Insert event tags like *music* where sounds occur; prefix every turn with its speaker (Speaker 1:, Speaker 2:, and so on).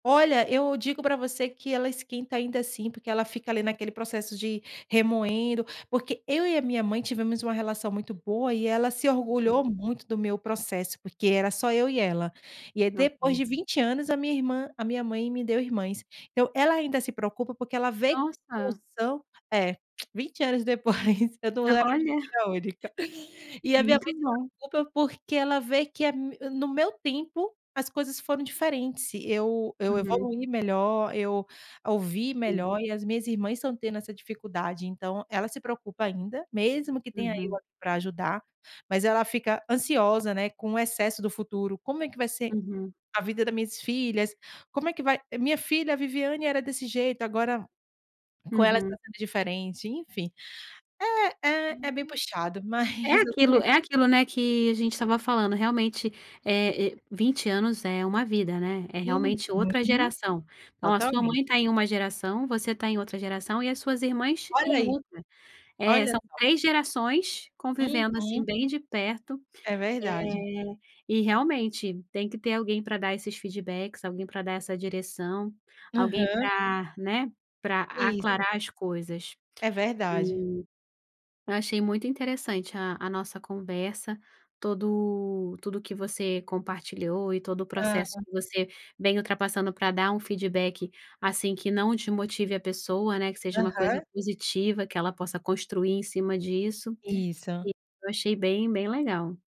Speaker 1: Olha, eu digo pra você que ela esquenta ainda assim, porque ela fica ali naquele processo de remoendo. Porque eu e a minha mãe tivemos uma relação muito boa e ela se orgulhou
Speaker 2: Hum.
Speaker 1: muito do meu processo, porque era só eu e ela. E aí depois
Speaker 2: Ok.
Speaker 1: de 20 anos, a minha irmã a minha mãe me deu irmãs. Eu ela ainda se preocupa porque ela vê co
Speaker 2: Nossa!
Speaker 1: são é, *clicks tongue* 20 anos depois eu não
Speaker 2: Ah,
Speaker 1: era
Speaker 2: olha.
Speaker 1: filha única, e a minha
Speaker 2: Muito
Speaker 1: mãe se
Speaker 2: bom.
Speaker 1: preocupa, porque ela vê que é me no meu tempo as coisas foram diferentes, eu eu
Speaker 2: Uhum.
Speaker 1: evoluí melhor, eu ouvi
Speaker 2: Sim.
Speaker 1: melhor e as minhas irmãs estão tendo essa dificuldade. Então ela se preocupa ainda, mesmo que tenha eu
Speaker 2: Uhum.
Speaker 1: aqui para ajudar, mas ela fica ansiosa, né, com o excesso do futuro "como é que vai ser
Speaker 2: Uhum.
Speaker 1: a vida da minhas filhas? Como é que vai minha filha, a Viviane era desse jeito agora com elas
Speaker 2: Uhum.
Speaker 1: tá sendo diferente", enfim. É, é é
Speaker 2: Uhum.
Speaker 1: bem puxado
Speaker 2: É
Speaker 1: mas, eu tô in
Speaker 2: aquilo é aquilo, né, que a gente estava falando, realmente, eh, e 20 anos é uma vida, né, é realmente outra
Speaker 1: Uhum.
Speaker 2: geração. Ó, a sua
Speaker 1: Totalmente.
Speaker 2: mãe tá em uma geração, você tá em outra geração e as suas irmãs
Speaker 1: Olha
Speaker 2: em
Speaker 1: aí.
Speaker 2: outra. É,
Speaker 1: Olha
Speaker 2: são
Speaker 1: só.
Speaker 2: 3 gerações convivendo, assim,
Speaker 1: Uhum.
Speaker 2: bem de perto,
Speaker 1: É verdade.
Speaker 2: eh, e realmente tem que ter alguém pra dar esses feedbacks, alguém pra dar essa direção, alguém
Speaker 1: Aham.
Speaker 2: pra, né, pra
Speaker 1: Isso.
Speaker 2: aclarar as coisas.
Speaker 1: É verdade.
Speaker 2: E eu achei muito interessante a a nossa conversa, tudo tudo que você compartilhou e todo o processo
Speaker 1: Aham.
Speaker 2: que você vem ultrapassando para dar um feedback, assim, que não desmotive a pessoa, né, que seja uma coisa
Speaker 1: Aham.
Speaker 2: positiva, que ela possa construir em cima disso, e
Speaker 1: Isso.
Speaker 2: eu achei bem bem legal.